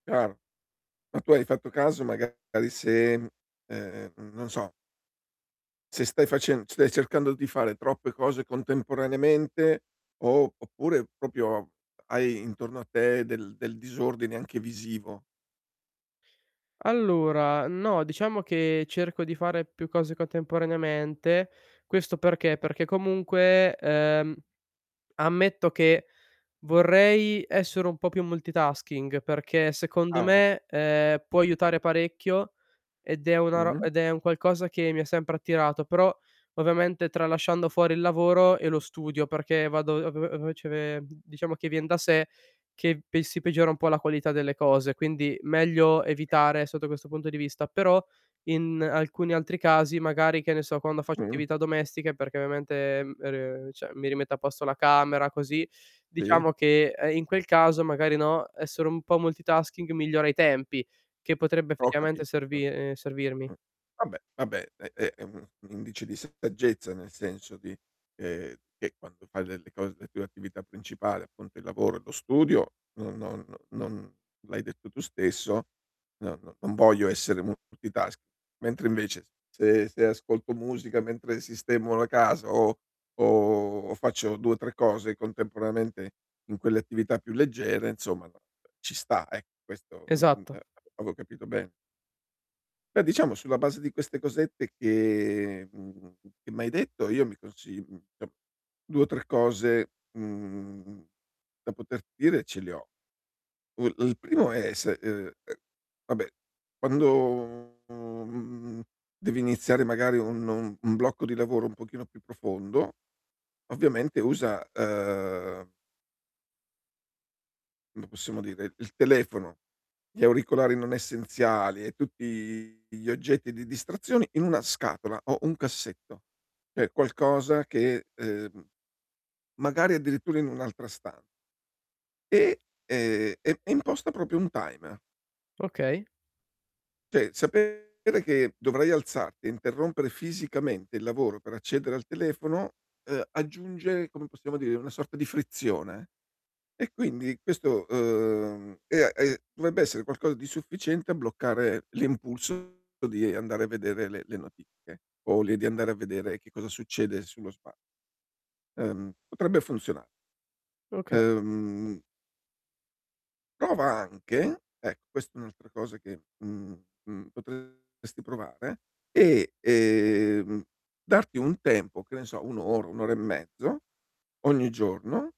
Chiaro, ma tu hai fatto caso magari se, mhmm, ehm, non so se stai facen stai cercando di fare troppe cose contemporaneamente o, oppure, proprio hai intorno a te del del disordine anche visivo. Allora no, diciamo che cerco di fare più cose contemporaneamente. Questo perché, perché comunque, ehm, ammetto che vorrei essere un po' più multitasking, perché secondo Ah. me, ehm, può aiutare parecchio ed è una ro Mh-mh. ed è un qualcosa che mi ha sempre attirato, però ovviamente tralasciando fuori il lavoro e lo studio, perché vado a ve a ve ce ve mhmm, diciamo che vien da sé che pe si peggiora un po' la qualità delle cose. Quindi meglio evitare sotto questo punto di vista, però in alcuni altri casi magari, che ne so, quando faccio Mh. attività domestiche perché ovviamente, ehm, e re cioè mi rimetto a posto la camera così, Sì. diciamo che, ehm, in quel caso magari, no, essere un po' multitasking migliora i tempi che potrebbe Ho effettivamente capito servi ehm, servirmi. Mh, vabbè, vabbè è è è un un indice di saggezza nel senso di ehm, che quando fai delle cose le tue attività principali, appunto, il lavoro e lo studio, non non non l'hai detto tu stesso, no no non voglio essere multitasking. Mentre invece s se se ascolto musica mentre sistemo la casa o o o faccio 2 o 3 cose contemporaneamente in quelle attività più leggere insomma, no, ci sta ec questo, mh-mh, Esatto. ehm, avevo capito ben Beh, diciamo sulla base di queste cosette che mhmm, che m'hai detto io mi consi mhmm, to' 2 o 3 cose, mhmm, da poterti dire ce le ho. U il primo è se uhm, ehm, vabbè quando, uhm, mhmm, devi iniziare magari un un un blocco di lavoro un pochino più profondo ovviamente usa, uhm come possiamo dire, il telefono, gli auricolari non essenziali e tutti gli oggetti di distrazione in una scatola o un cassetto, cioè qualcosa che ehm, magari addirittura in un'altra stan e ehm, e e imposta proprio un timer. Okay. Cioè sapere che dovrai alzarti e interrompere fisicamente il lavoro per accedere al telefono, ehm, aggiunge, come possiamo dire, una sorta di frizione e quindi questo uhm, e a e dovrebbe essere qualcosa di sufficiente a bloccare l'impulso di andare a vedere le le notifiche o li di andare a vedere che cosa succede sullo spa uhm, potrebbe funziona Okay. uhm prova anche ecco quest è un'altra cosa che, mhmm, mhmm, potresti provare e, ehm, darti un tempo che ne so 1 ora, 1 ora e mezzo ogni giorno